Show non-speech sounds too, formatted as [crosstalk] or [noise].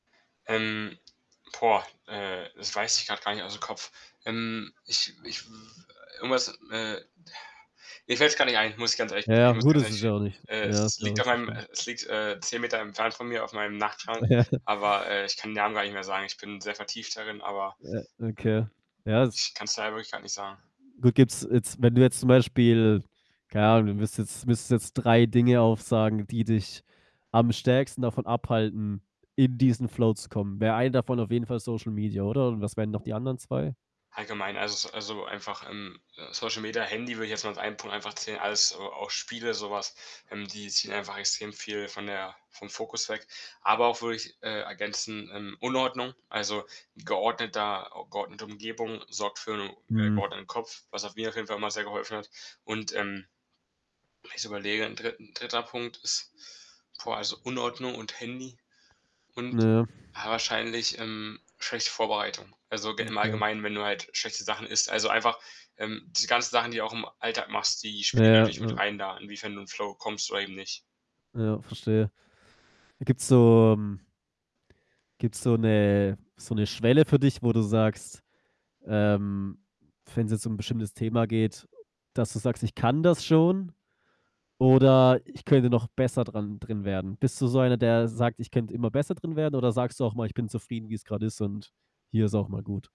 Ähm, boah, äh, das weiß ich grad gar nicht aus'm Kopf. Ähm, ich ich w irgendwas, äh, [exhales] mir fällt's gar nicht ein, muss ich ganz ehrlich Ja, [unintelligible] muss ich gut ganz es ist ja ehrlich auch [unintelligible] nicht äh, ja, ist es ja auch liegt auf nicht so meinem schlimm. äh, es liegt, äh, 10 Meter entfernt von mir auf meinem Nachtschrank. [chuckles] Aber, äh, ich kann den Namen gar nicht mehr sagen. Ich bin sehr vertieft darin, aber, O ähm, okay. Ja, es ich kann's leider wirklich grad nicht sagen. gut, gibt's jetzt wenn du jetzt zum Beispiel keine Ahnung, du müsstest müsstest jetzt 3 Dinge aufsagen, die dich am stärksten davon abhalten, in diesen Flow zu kommen. Wäre 1 davon auf jeden Fall Social Media, oder? Und was wären noch die anderen 2? Allgemein, also, s so einfach, ähm, äh, Social Media, Handy würde ich jetzt mal als einen Punkt einfach zählen, alles a auch Spiele, so was, ähm, die ziehen einfach extrem viel von der vom Fokus weg. Aber auch, würde ich, äh, ergänzen, ähm, Unordnung, also, geordneter geordnete Umgebung sorgt für 'n, äh, Mhm. geordneten Kopf, was auch mir auf jeden Fall immer sehr geholfen hat. Und, ähm, wenn ich so überlege, 'n 3.- 3. Punkt ist boah, also, Unordnung und Handy Na und, ja. ja, wahrscheinlich, ähm, schlechte Vorbereitung. Also, g im Okay. Allgemeinen, wenn du halt schlechte Sachen isst. Also, einfach, ähm, diese ganzen Sachen, die du auch im Alltag machst, die Ja, spielen natürlich mit ja. rein da, inwiefern du in Flow kommst oder eben nicht. Ja, verstehe. Gibt's so m gibt's so 'ne so 'ne Schwelle für dich, wo du sagst ähm, wenn's jetzt um 'n bestimmtes Thema geht, dass du sagst: „Ich kann das schon“, oder „Ich könnte noch besser dran drin werden.“ Bist du so einer, der sagt: „Ich könnte immer besser drin werden“, oder sagst du auch mal: „Ich bin zufrieden, wie's grad ist und hier ist auch mal gut.“